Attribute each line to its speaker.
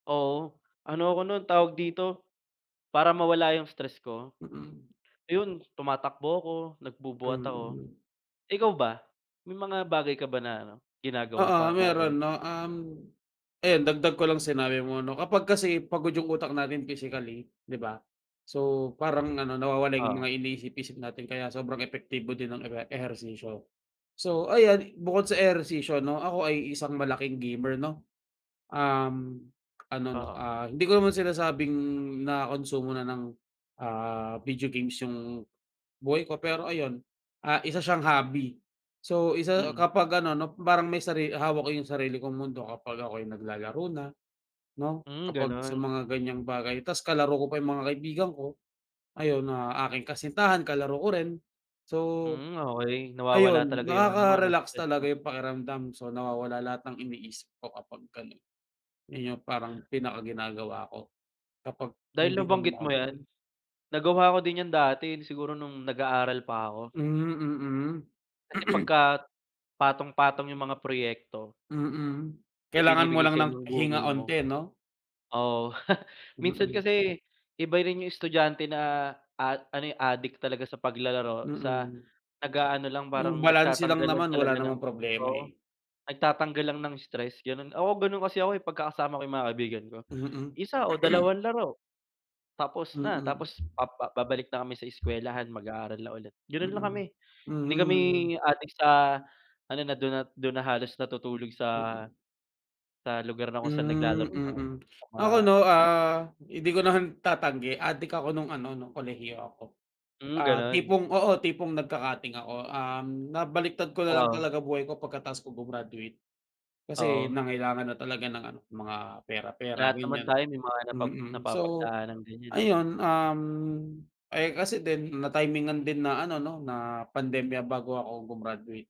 Speaker 1: Oo. Ano ako nun, tawag dito, para mawala yung stress ko,
Speaker 2: Mm.
Speaker 1: ayun tumatakbo ako, nagbubuhat ako.
Speaker 2: Mm.
Speaker 1: Ikaw ba, may mga bagay ka ba na ano, ginagawa
Speaker 2: Oo,
Speaker 1: para hindi tamarin?
Speaker 2: meron 'no, um, ayan dagdag ko lang sa sinabi mo 'no, kapag kasi pagod yung utak natin physically, 'di ba? So, parang ano, nawawala yung
Speaker 1: Oo.
Speaker 2: mga iniisip-isip natin kaya sobrang epektibo din ng ewe ehersisyo. So, ayan, bukod sa ehersisyo ano, ako ay isang malaking gamer 'no, um, ano 'no,
Speaker 1: Oo.
Speaker 2: ah, hindi ko naman sinasabing nakonsumo na ng, ah, video games yung buhay ko, pero ayun, ah, isa siyang hobby. So, isa
Speaker 1: Mm.
Speaker 2: kapag ano 'no, parang may sari hawak ko yung sarili kong mundo kapag ako'y naglalaro na 'no,
Speaker 1: Hmm,
Speaker 2: kapag sa
Speaker 1: ganun.
Speaker 2: mga ganyang bagay tapos kalaro ko pa yung mga kaibigan ko ayun, ang aking kasintahan kalaro ko rin. So,
Speaker 1: Hmm, okey. Nawawala
Speaker 2: ayun,
Speaker 1: talaga yung ano mo 'no,
Speaker 2: nakaka-relax
Speaker 1: stress
Speaker 2: talaga
Speaker 1: mo.
Speaker 2: yung pakiramdam. So, nawawala lahat ng iniisip ko kapag ganun. Yun yung parang pinaka ginagawa ko kapag
Speaker 1: Dahil
Speaker 2: hindi kami
Speaker 1: nabanggit mo 'yan,
Speaker 2: makatulog.
Speaker 1: nagawa ko din 'yan dati, eh, siguro nung nag-aaral pa ako.
Speaker 2: Hmm, mm.
Speaker 1: Kasi pagka patong-patong yung mga proyekto
Speaker 2: Mm,
Speaker 1: na
Speaker 2: kailangan mo
Speaker 1: ibinibigay
Speaker 2: lang
Speaker 1: sayo
Speaker 2: ng
Speaker 1: ng
Speaker 2: pahinga
Speaker 1: guro mo
Speaker 2: 'onti 'no?
Speaker 1: oo. Minsan
Speaker 2: Mm.
Speaker 1: kasi iba rin yung estudyante na a ano, eh, adik talaga sa paglalaro sa
Speaker 2: Mm.
Speaker 1: nag-aano lang,
Speaker 2: Yung
Speaker 1: parang
Speaker 2: balanse lang
Speaker 1: nagtatanggal lang
Speaker 2: naman wala
Speaker 1: talaga ng
Speaker 2: namang problema,
Speaker 1: oo,
Speaker 2: eh.
Speaker 1: nagtatanggal lang ng stress, ganun. Oo, ganun kasi ako, eh, pagka kasama ko yung mga kaibigan ko.
Speaker 2: Mm.
Speaker 1: 1 o dalawang laro tapos na.
Speaker 2: Mm.
Speaker 1: Tapos pa babalik na kami sa eskwelahan, mag-aaral na ulit, ganun lang kami.
Speaker 2: Mm,
Speaker 1: Hindi kami
Speaker 2: mhm.
Speaker 1: adik sa ano, na dun at dun na halos natutulog sa
Speaker 2: Mm.
Speaker 1: sa lugar na kung saan
Speaker 2: Hmm,
Speaker 1: naglalaro ng
Speaker 2: mm.
Speaker 1: mga
Speaker 2: Ako 'no, ah, hindi ko naman tatanggi, adik ako nung ano, nung kolehiyo ako.
Speaker 1: Hmm,
Speaker 2: Ah,
Speaker 1: ganun.
Speaker 2: tipong oo, tipong nagka-cutting ako. Um, nabaliktad ko na lang
Speaker 1: Oo.
Speaker 2: talaga buhay ko pagkatapos ko gumraduate kasi
Speaker 1: Oo.
Speaker 2: nangailangan na talaga ng ano, mga pera-pera,
Speaker 1: Lahat naman
Speaker 2: ganyan,
Speaker 1: tayo may mga napag
Speaker 2: mm. So,
Speaker 1: napapagdaanang ganyan, eh.
Speaker 2: ayun, um, eh, kasi din natimingan din na ano 'no, na pandemya bago ako gumraduate.